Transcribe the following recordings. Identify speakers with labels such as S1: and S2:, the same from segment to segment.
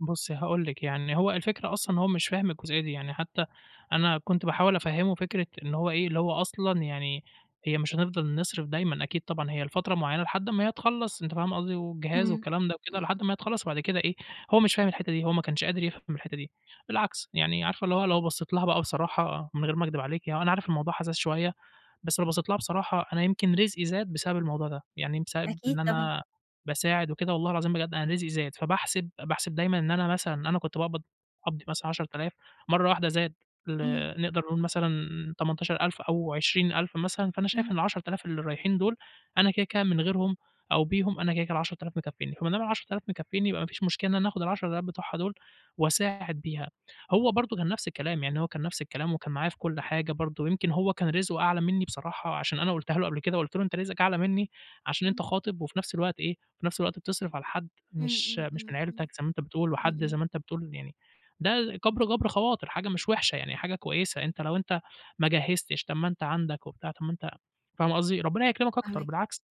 S1: بُصي هاقول لِك يعني، هو الفكرة أصلًا إن هو مش فاهم الجزئية دي، يعني حتى أنا كنت باحاول أفَهّمه فكرة إن هو إيه اللي هو أصلًا يعني هي مش هنفضل نصرف دايمًا أكيد طبعًا هي لفترة معينة لحد ما هي تخلص أنتِ فاهمة قصدي، والجهاز
S2: امم،
S1: والكلام ده وكده
S2: امم.
S1: لحد ما هي تخلص وبعد كده إيه هو مش فاهم الحتة دي، هو ما كانش قادر يفهم الحتة دي، بالعكس يعني عارفة اللي هو لو بصّيت لها بقى بصراحة من غير ما أكدب عليكِ، هو أنا عارف الموضوع حساس شوية، بس لو بصّيت لها بصراحة أنا يمكن رزقي زاد بسبب الموضوع ده، يعني بسبب
S2: أكيد
S1: إن
S2: طبعًا.
S1: أنا باساعد وكده والله العظيم بجد أنا رزقي زاد، فباحسب باحسب دايمًا إن أنا مثلًا أنا كنت باقبض قبضي مثلًا 10.000 مرة واحدة زاد ل
S2: اهم.
S1: نقدر نقول مثلًا 18.000 أو 20.000 مثلًا فأنا شايف
S2: اهم.
S1: إن 10.000 اللي رايحين دُول، أنا كده كده من غيرهم أو بيهم أنا كده كده ال10000 مكفيينّي، وما دام ال10.000 مكفيينّي يبقى ما فيش مشكلة إن أنا آخد ال10.000 بتوعها دُول وأساعد بيها. هو برضو كان نفس الكلام يعني هو كان نفس الكلام وكان معايا في كل حاجة برضو، يمكن هو كان رزقه أعلى منّي بصراحة عشان أنا قُلتها له قبل كده، قُلت له أنت رزقك أعلى منّي عشان أنت
S2: امم.
S1: خاطب وفي نفس الوقت إيه في نفس الوقت بتصرف على حد
S2: امم،
S1: مش
S2: امم،
S1: مش من
S2: امم، امم.
S1: عيلتك زي ما أنت بتقول
S2: امم،
S1: وحد زي
S2: امم.
S1: ما أنت بتقول يعني ده كبر جبر خواطر حاجة مش وحشة يعني، حاجة كويسة أنت لو أنت ما جهزتش طَب ما أنت عندك وبتاع، طَب ما أنت فاهمة قصدي ربنا يكرمك أكتر
S2: فاهماك.
S1: بالعكس.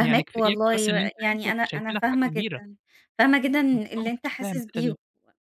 S1: يعني كف يكفي بس
S2: والله،
S1: إن
S2: و
S1: أنت
S2: يعني
S1: عيلتك
S2: أنا أنا
S1: شايفينك حاجة
S2: فاهمة
S1: كبيرة.
S2: جدًا، فاهمة جدًا اللي
S1: [unintelligible]
S2: أنت
S1: مش فاهم
S2: حاسس
S1: كده
S2: بيه
S1: ليه.
S2: و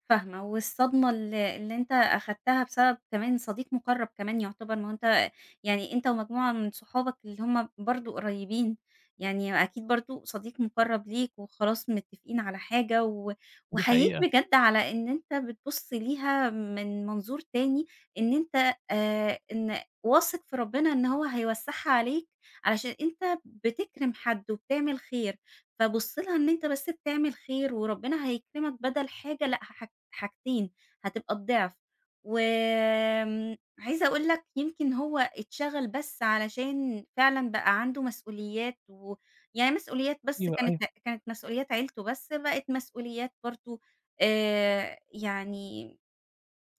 S2: فاهمة، والصدمة ال اللي أنت أخدتها بسبب كمان صديق مُقرّب كمان يعتبر، ما هو أنت يعني أنت ومجموعة من صُحابك اللي هُم برضو قريبين يعني أكيد برضو صديق مُقرّب ليك وخلاص متفقين على حاجة و
S1: دي
S2: وأحييك
S1: حقيقة.
S2: بجد على إن أنت بتبُص ليها من منظور تاني، إن أنت آآ، إن واثق في ربنا إن هو هيوسعها عليك، علشان أنت بتكرم حد، وبتعمل خير، فبُص لها إن أنت بس بتعمل خير وربنا هيكرمك بدل حاجة لأ، حاحج حاجتين هتبقى الضعف، وآمم، عايزة أقول لك يمكن هو اتشغل بس علشان فعلًا بقى عنده مسؤوليات، ويعني مسؤوليات بس
S1: أيوه،
S2: كانت
S1: أيوه.
S2: كانت مسؤوليات عيلته بس بقِت مسؤوليات برضو آآ، يعني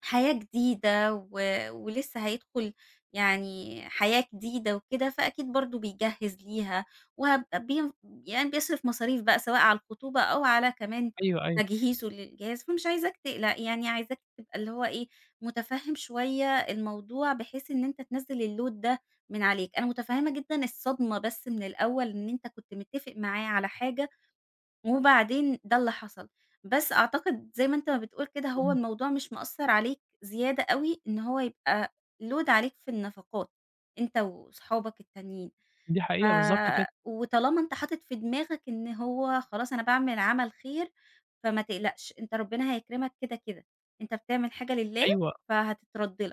S2: حياة جديدة و ولسه هيدخل يعني حياة جديدة وكده، فأكيد برضه بيجَهّز ليها وهب يعني بيصرف مصاريف بقى سواء على الخطوبة أو على كمان
S1: أيوه، أيوه.
S2: تجهيزه للجهاز، فمش عايزاك تقلق يعني عايزاك تبقى اللي هو إيه مُتفهم شوية الموضوع بحيث إن أنت تنزل الload ده من عليك. أنا مُتفهِّمة جدًا الصدمة بس من الأول إن أنت كنت متّفق معاه على حاجة، وبعدين ده اللي حصل، بس أعتقد زي ما أنت ما بتقول كده هو
S1: امم.
S2: الموضوع مش مأثّر عليك زيادة أوي، إن هو يبقى load عليك في النفقات أنت وأصحابك التانيين،
S1: دي
S2: ف
S1: حقيقة، بالضبط كده.
S2: وطالما أنت حاطط في دماغك إن هو خلاص أنا باعمل عمل خير، فما تقلقش أنت ربنا هيكرمك كده كده، أنت بتعمل حاجة لله
S1: أيوه.
S2: فهتترد لك.